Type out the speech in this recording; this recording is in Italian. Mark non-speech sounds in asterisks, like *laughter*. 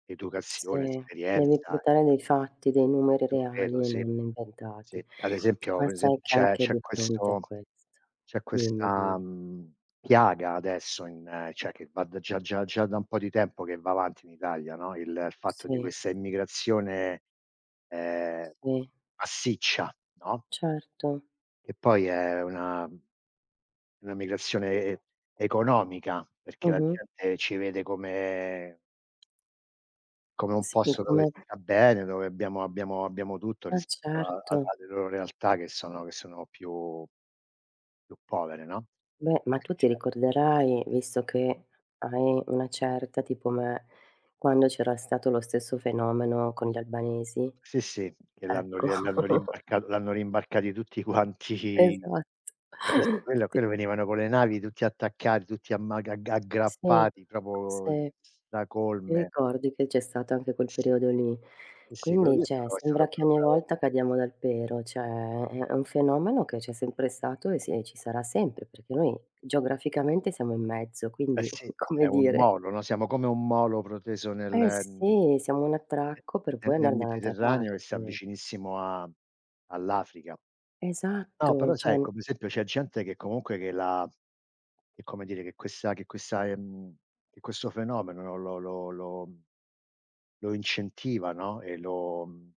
Educazione, Sì, devi esperienza. portare dei fatti, dei numeri To credo, reali e sì. non Sì, inventati. ad esempio Ma per esemp sai che c'è anche c'è di fronte a questo questo c'è dimmi questa, dimmi. mhmm, piaga adesso in cioè, che va da già già già da un po' di tempo che va avanti in Italia, no il fatto di Sì. questa immigrazione, ehm, Sì. massiccia, no? Certo. Che poi è una una una migrazione e economica, perché la Mh-mh. gente ci vede come come un Sì, posto dove come si sta bene, dove abbiamo abbiamo abbiamo tutto Eh rispetto a a certo. alle loro realtà che sono che sono più più povere, no, Beh, ma quindi tu ce ti ricorderai, visto che hai una certa tipo me, quando c'era stato lo stesso fenomeno con gli albanesi, Sì sì, che l'hanno ecco. l'hanno l'hanno rimb *chuckles* l'hanno rimbarcati tutti quanti. Esatto. Sì, quello Ti quello venivano con le navi tutti attaccati, tutti amma agg Sì, aggrappati proprio sì. Ti stracolme. ricordi che c'è stato anche quel Sì. periodo lì. Sì, sì, quello lì Quindi è cioè stato è stato sembra che proprio ogni bravo. volta cadiamo dal pero, cioè. È un fenomeno che c'è sempre stato e si ci sarà sempre perché noi geograficamente siamo in mezzo, Eh quindi sì, *chuckles* è come un dire molo no, *chuckles* siamo come un molo proteso nel Eh m sì, siamo un attracco per nel poi nel andare da un'altra Mediterraneo che sta parte. vicinissimo a all'Africa. No, però Esatto, sai, cioè come esempio, c'è gente che comunque che la che come dire, che questa che questa ehm, che questo fenomeno lo lo lo lo incentiva no e lo mhmm